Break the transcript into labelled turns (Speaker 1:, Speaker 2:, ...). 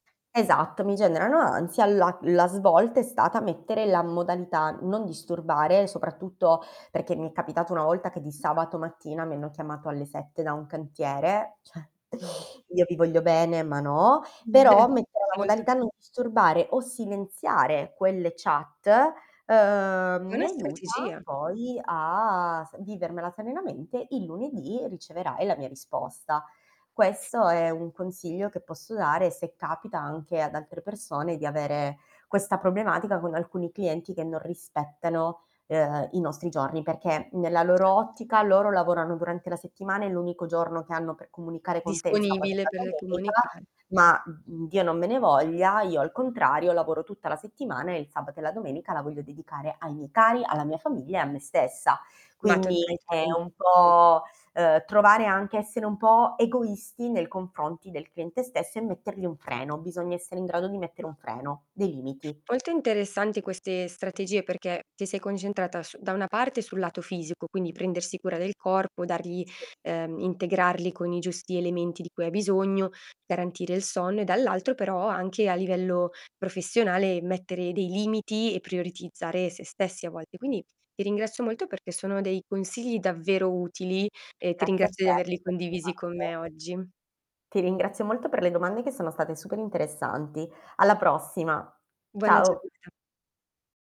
Speaker 1: Esatto, mi generano ansia, la la svolta è stata mettere la modalità non disturbare, soprattutto perché mi è capitato una volta che di
Speaker 2: [unintelligible]
Speaker 1: sabato mattina mi hanno chiamato alle 7 da un cantiere, cioè,
Speaker 2: No.
Speaker 1: io vi voglio bene, ma no!
Speaker 2: Beh,
Speaker 1: Però mettere
Speaker 2: ci
Speaker 1: la
Speaker 2: vuole
Speaker 1: modalità
Speaker 2: tutti.
Speaker 1: non disturbare o silenziare quelle chat, uhm,
Speaker 2: È
Speaker 1: mi
Speaker 2: una
Speaker 1: aiuta,
Speaker 2: strategia.
Speaker 1: poi a s vivermela serenamente, il lunedì riceverai la mia risposta. Questo è un consiglio che posso dare se capita anche ad altre persone di avere questa problematica con alcuni clienti che non rispettano, uhm, i nostri giorni, perché nella loro
Speaker 2: Certo.
Speaker 1: ottica, loro lavorano durante la settimana, e l'unico giorno che hanno per comunicare con te è il sabato e
Speaker 2: Disponibile
Speaker 1: la
Speaker 2: per
Speaker 1: domenica,
Speaker 2: comunicare.
Speaker 1: ma, mhmm, Dio non me ne voglia, io al contrario lavoro tutta la settimana, e il sabato e la domenica la voglio dedicare ai miei cari, alla mia famiglia e a me stessa.
Speaker 2: Ma
Speaker 1: Quindi
Speaker 2: tornerei tutta
Speaker 1: è un
Speaker 2: [unintelligible]
Speaker 1: po', uhm, trovare anche essere un po' egoisti nei confronti del cliente stesso e mettergli un freno, bisogna essere in grado di mettere
Speaker 2: Mh.
Speaker 1: un freno, dei limiti.
Speaker 2: Molto interessanti queste strategie perché ti sei concentrata su da una parte sul lato fisico, quindi prendersi cura del corpo, dargli
Speaker 1: Sì.
Speaker 2: uhm, integrarli con i giusti elementi di cui hai bisogno, garantire il sonno e dall'altro però anche a livello professionale, mettere dei limiti e prioritizzare sé stessi a vol Quindi ti ringrazio molto perché sono dei consigli davvero utili, e ti
Speaker 1: Grazie a te
Speaker 2: ringrazio di averli
Speaker 1: per le
Speaker 2: condivisi con
Speaker 1: domande.
Speaker 2: me oggi.
Speaker 1: Ti ringrazio molto per le domande che sono state super-interessanti. Alla prossima.
Speaker 2: Buona
Speaker 1: Ciao.
Speaker 2: giornata.